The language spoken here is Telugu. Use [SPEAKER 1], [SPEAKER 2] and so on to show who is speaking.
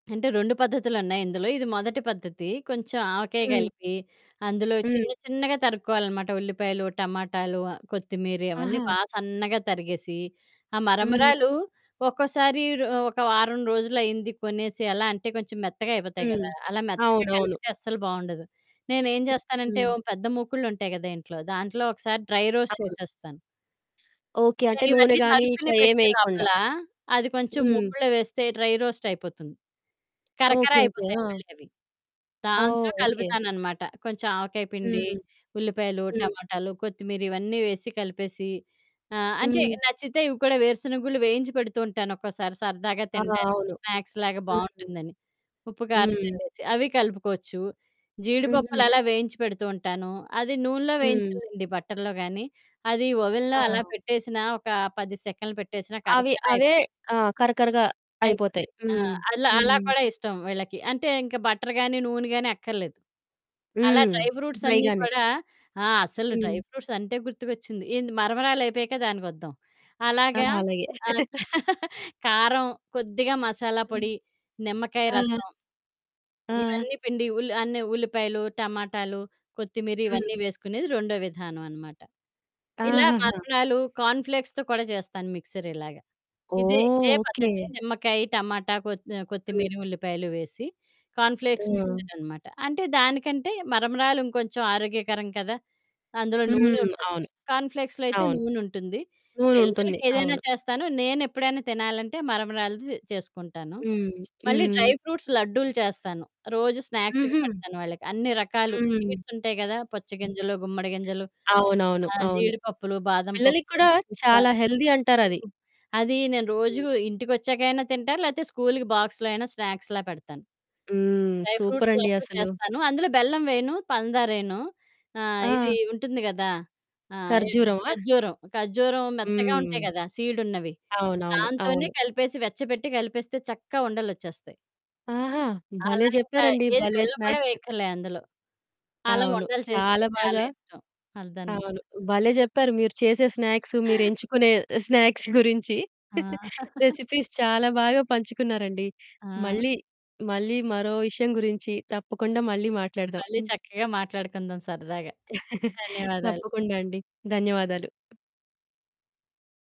[SPEAKER 1] అంటే, 2 పద్ధతులున్నాయి ఇందులో, ఇది మొదటి పద్ధతి. కొంచెం ఆవకాయ
[SPEAKER 2] హ్మ్.
[SPEAKER 1] గలిపి, అందులో చిన్న
[SPEAKER 2] హ్మ్.
[SPEAKER 1] చిన్నగా తరుక్కోవాలనమాట ఉల్లిపాయలు, టమాటాలు, ఆహ్, కొత్తిమీరి అవన్నీ
[SPEAKER 2] ఆహా!
[SPEAKER 1] బా సన్నగా తరిగేసి, ఆహ్,
[SPEAKER 2] హ్మ్.
[SPEAKER 1] మరమరాలు ఒక్కోసారి రొ ఒక వారం రోజులయింది కొనేసి అలా అంటే, కొంచెం మెత్తగా అయిపోతాయి
[SPEAKER 2] హ్మ్.
[SPEAKER 1] గదా! అలా మెత్తగా
[SPEAKER 2] అవునవును.
[SPEAKER 1] కలిపితే అస్సలు బావుండదు. నేనేం
[SPEAKER 2] హ్మ్.
[SPEAKER 1] జేస్తానంటే,
[SPEAKER 2] హ్మ్.
[SPEAKER 1] ఓ పెద్ద మూకుడులుంటాయి గదా ఇంట్లో! దాంట్లో ఒకసారి డ్రై రోస్ట్
[SPEAKER 2] అవును.
[SPEAKER 1] చేసేస్తాను.
[SPEAKER 2] ఓకే. అంటే, నూనె
[SPEAKER 1] నేనివన్నీ
[SPEAKER 2] గానీ ఇట్ల
[SPEAKER 1] తరుక్కుని పెట్టే
[SPEAKER 2] ఏమెయకుండా.
[SPEAKER 1] లోపలా, అది కొంచెం
[SPEAKER 2] హ్మ్.
[SPEAKER 1] ముకుడులో వేస్తే డ్రై రోస్టయిపోతుంది. కరకర
[SPEAKER 2] ఓకే. ఓకే.
[SPEAKER 1] అయిపోతాయి
[SPEAKER 2] ఆ!
[SPEAKER 1] మళ్ళీ అవి.
[SPEAKER 2] ఓహ్!
[SPEAKER 1] దాంతో
[SPEAKER 2] ఓకే.
[SPEAKER 1] కలుపుతాననమాట. కొంచెం ఆవకాయ పిండి,
[SPEAKER 2] హ్మ్.
[SPEAKER 1] ఉల్లిపాయలు,
[SPEAKER 2] హ్మ్.
[SPEAKER 1] టమాటాలు, కొత్తిమీరి, ఇవన్నీ వేసి కలిపేసీ, ఆహ్, అంటే
[SPEAKER 2] హ్మ్.
[SPEAKER 1] నచ్చితే ఇవి కూడా, వేరుశనగుళ్ళు వేయించి పెడుతూ ఉంటానొక్కోసారి, సరదాగా
[SPEAKER 2] ఆ!
[SPEAKER 1] తినడానికి.
[SPEAKER 2] అవును.
[SPEAKER 1] స్నాక్స్‌లాగా
[SPEAKER 2] హ్మ్.
[SPEAKER 1] బావుంటుందని. ఉప్పు, కారం
[SPEAKER 2] హ్మ్.
[SPEAKER 1] జల్లేసి, అవి కలుపుకోచ్చు,
[SPEAKER 2] హుహు.
[SPEAKER 1] జీడిపప్పులలా వేయించి పెడుతూ ఉంటాను, అది నూనెలో
[SPEAKER 2] హ్మ్.
[SPEAKER 1] వేయించాలండి బటర్‌లో గానీ, అది ఓవెన్‌లో అలా
[SPEAKER 2] ఆ!
[SPEAKER 1] పెట్టేసినా, ఒకా 10 సెకన్లు పెట్టేసినా,
[SPEAKER 2] అవి,
[SPEAKER 1] కరకర అయి...
[SPEAKER 2] అవే ఆహ్, కరకరగా అయిపోతాయి.
[SPEAKER 1] అయిపోతాయి. ఆ!
[SPEAKER 2] హ్మ్.
[SPEAKER 1] అలా, అలా
[SPEAKER 2] హ్మ్.
[SPEAKER 1] కూడా ఇష్టం వీళ్ళకి. అంటే, ఇంక బటర్ గానీ, నూనె గానీ అక్కర్లేదు. అలా
[SPEAKER 2] హ్మ్.
[SPEAKER 1] డ్రై ఫ్రూట్సన్నీ
[SPEAKER 2] డ్రైగానే.
[SPEAKER 1] కూడా ఆ! అసలు డ్రై
[SPEAKER 2] హ్మ్.
[SPEAKER 1] ఫ్రూట్సంటే గుర్తుకొచ్చింది, ఏంది మరమరాలయిపోయాక దానికొద్దాం.
[SPEAKER 2] ఆ!
[SPEAKER 1] అలాగా
[SPEAKER 2] అలాగే.
[SPEAKER 1] ఆహ్, కారం, కొద్దిగా మసాలా
[SPEAKER 2] హ్మ్.
[SPEAKER 1] పొడి, నిమ్మకాయ
[SPEAKER 2] ఆ!
[SPEAKER 1] రసం...
[SPEAKER 2] ఆ!
[SPEAKER 1] ఇవన్నీ పిండి, ఉల్ అన్ని ఉల్లిపాయలు, టమాటాలు, కొత్తిమీరి
[SPEAKER 2] హ్మ్.
[SPEAKER 1] ఇవన్నీ వేసుకునేది రొండో విధానవనమాట. ఇలా
[SPEAKER 2] ఆహహా!
[SPEAKER 1] మరమరాలు, కార్న్ ఫ్లేక్స్‌తో కూడా చేస్తాను మిక్సరిలాగ. ఇదే,
[SPEAKER 2] ఓహ్!
[SPEAKER 1] ఇదే
[SPEAKER 2] ఓకే.
[SPEAKER 1] పద్ధతి నిమ్మకాయి, టమాటా, కొత్ ఆహ్,
[SPEAKER 2] హ్మ్.
[SPEAKER 1] కొత్తిమీరి, ఉల్లిపాయలు వేసి, కార్న్ ఫ్లేక్స్
[SPEAKER 2] ఆ!
[SPEAKER 1] మిక్సుడనమాట. అంటే, దానికంటే మరమరాలు ఇంకొంచం ఆరోగ్యకరం కదా! అందులో నూనె
[SPEAKER 2] హ్మ్.
[SPEAKER 1] ఉంటది.
[SPEAKER 2] అవును.
[SPEAKER 1] కార్న్ ఫ్లేక్స్‌లో అయితే
[SPEAKER 2] అవును.
[SPEAKER 1] నూనుంటుంది.
[SPEAKER 2] నూనుంటుంది.
[SPEAKER 1] పిల్లలకేదైనా
[SPEAKER 2] అవును.
[SPEAKER 1] చేస్తాను. నేనెప్పుడైనా తినాలంటే, మరమరాలది చేసుకుంటాను.
[SPEAKER 2] హ్మ్.
[SPEAKER 1] మళ్ళీ డ్రై
[SPEAKER 2] హ్మ్.
[SPEAKER 1] ఫ్రూట్స్ లడ్డూలు చేస్తాను. రోజూ స్నాక్స్‌కి
[SPEAKER 2] హుహు.
[SPEAKER 1] పెడతాను వాళ్ళకి. అన్ని రకాలు
[SPEAKER 2] హ్మ్.
[SPEAKER 1] స్వీట్సుంటయి గదా! పుచ్చ గింజలు, గుమ్మడి గింజలు,
[SPEAKER 2] అవునవును.
[SPEAKER 1] ఆహ్,
[SPEAKER 2] అవును.
[SPEAKER 1] జీడిపప్పులు, బాదం
[SPEAKER 2] పిల్లలకి
[SPEAKER 1] పప్పు,
[SPEAKER 2] కూడా
[SPEAKER 1] పిస్తా,
[SPEAKER 2] చాలా హెల్దీ అంటారది.
[SPEAKER 1] [unintelligible] అదీ నేను రోజూ ఇంటికొచ్చాకైనా తింటా, లేతే స్కూలుకి బాక్స్‌లో అయినా స్నాక్స్‌లా పెడతాను.
[SPEAKER 2] హ్మ్.
[SPEAKER 1] డ్రై ఫ్రూట్స్
[SPEAKER 2] సూపరండి
[SPEAKER 1] లడ్డూ
[SPEAKER 2] అసలు.
[SPEAKER 1] చేస్తాను. అందులో బెల్లం వెయను, పందారెయను. ఆహ్,
[SPEAKER 2] ఆ!
[SPEAKER 1] ఇదీ ఉంటుంది గదా! ఆహ్, ఇద్
[SPEAKER 2] ఖర్జూరమా?
[SPEAKER 1] ఖర్జూరం. ఖర్జూరం మెత్తగా ఉంటాయి
[SPEAKER 2] హ్మ్.
[SPEAKER 1] గదా సీడున్నవి,
[SPEAKER 2] అవునవును.
[SPEAKER 1] దాంతోనే
[SPEAKER 2] అవును.
[SPEAKER 1] కలిపేసి, వెచ్చబెట్టి కలిపేస్తే చక్కగా ఉండలొచ్చేస్తాయి.
[SPEAKER 2] ఆహా! భలే!
[SPEAKER 1] అలా ఇంకా,
[SPEAKER 2] జెప్పారండి.
[SPEAKER 1] ఏది
[SPEAKER 2] భలే
[SPEAKER 1] బెల్లం గూడా
[SPEAKER 2] స్నాక్స్.
[SPEAKER 1] వేయక్కర్లే అందులో. అలా
[SPEAKER 2] అవును.
[SPEAKER 1] ఉండలు చేస్తే
[SPEAKER 2] చాలా
[SPEAKER 1] చాలా
[SPEAKER 2] బాగా
[SPEAKER 1] ఇష్టం అదనమాట.
[SPEAKER 2] అవును. భలే! జెప్పారు మీరు చేసే స్నాక్స్, మీరెంచుకునే స్నాక్స్ గురించి.
[SPEAKER 1] ఆ!
[SPEAKER 2] రెసిపీస్ చాలా బాగా పంచుకున్నారండి.
[SPEAKER 1] ఆ!
[SPEAKER 2] మళ్ళీ, మళ్ళీ మరో విషయం గురించి తప్పకుండా మళ్ళీ మాట్లాడదాం.
[SPEAKER 1] మళ్ళీ
[SPEAKER 2] హ్మ్.
[SPEAKER 1] చక్కగా మాట్లాడుకుందాం సరదాగా. ధన్యవాదాలు.
[SPEAKER 2] తప్పకుండా అండి. ధన్యవాదాలు.